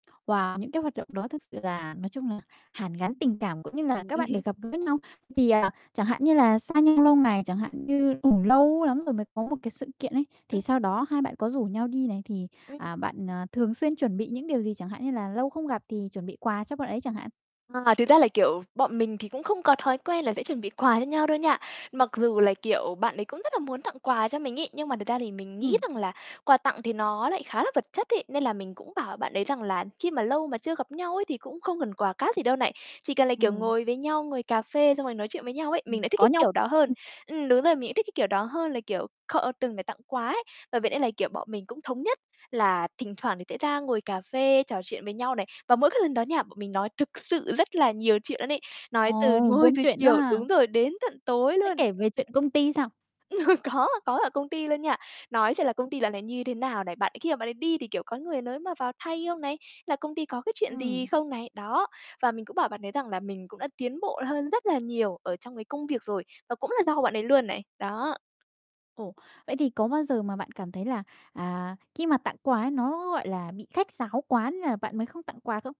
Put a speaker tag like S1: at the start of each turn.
S1: Và những cái hoạt động đó thực sự là nói chung là hàn gắn tình cảm cũng như là
S2: Ừm.
S1: các bạn được gặp gỡ nhau. Thì, à, chẳng hạn như là xa nhau lâu ngày, chẳng hạn như cũng lâu lắm rồi mới có một cái sự kiện ấy, thì
S2: Ừm.
S1: sau đó hai bạn có rủ nhau đi này, thì,
S2: Ừm.
S1: à, bạn thường xuyên chuẩn bị những điều gì? Chẳng hạn như là lâu không gặp thì chuẩn bị quà cho bạn ấy chẳng hạn.
S2: À, thực ra là, kiểu, bọn mình thì cũng không có thói quen là sẽ chuẩn bị quà cho nhau đâu nha. Mặc dù là, kiểu, bạn ấy cũng rất là muốn tặng quà cho mình ấy, nhưng mà thật ra thì mình nghĩ
S1: Ừm.
S2: rằng là quà tặng thì nó lại khá là vật chất ấy, nên là mình cũng bảo bạn ấy rằng là khi mà lâu mà chưa gặp nhau ấy thì cũng không cần quà cáp gì đâu này. Chỉ cần là, kiểu,
S1: Ừm.
S2: ngồi với nhau, ngồi cà phê xong rồi nói chuyện với nhau ấy, mình
S1: Ừm,
S2: lại thích
S1: có
S2: cái
S1: nhau
S2: kiểu đó hơn.
S1: ừm.
S2: Ừm, đúng rồi, mình lại thích cái kiểu đó hơn là, kiểu, kho, ơ, từng để tặng quà ấy, bởi vậy nên là, kiểu, bọn mình cũng thống nhất là thỉnh thoảng thì sẽ ra ngồi cà phê, trò chuyện với nhau này. Và mỗi cái lần đó nha bọn mình nói thực sự rất là nhiều chuyện luôn ấy, nói từ
S1: Ồ,
S2: ngồi
S1: buôn
S2: từ
S1: chuyện đó
S2: chiều
S1: ha.
S2: đúng rồi, đến tận tối
S1: Thế
S2: luôn.
S1: kể về chuyện công ty sao?
S2: Có, có ở công ty luôn nha. Nói chuyện là công ty dạo này như thế nào này. Bạn ấy khi mà bạn ấy đi thì, kiểu, có người nới mà vào thay không này, là công ty có cái chuyện gì
S1: Ừm.
S2: không này, đó. Và mình cũng bảo bạn ấy rằng là mình cũng đã tiến bộ hơn rất là nhiều ở trong cái công việc rồi, và cũng là do bạn ấy luôn này. Đó.
S1: Ồ, vậy thì có bao giờ mà bạn cảm thấy là, à, khi mà tặng quà ấy, nó, gọi là, bị khách sáo quá nên là bạn mới không tặng quà không?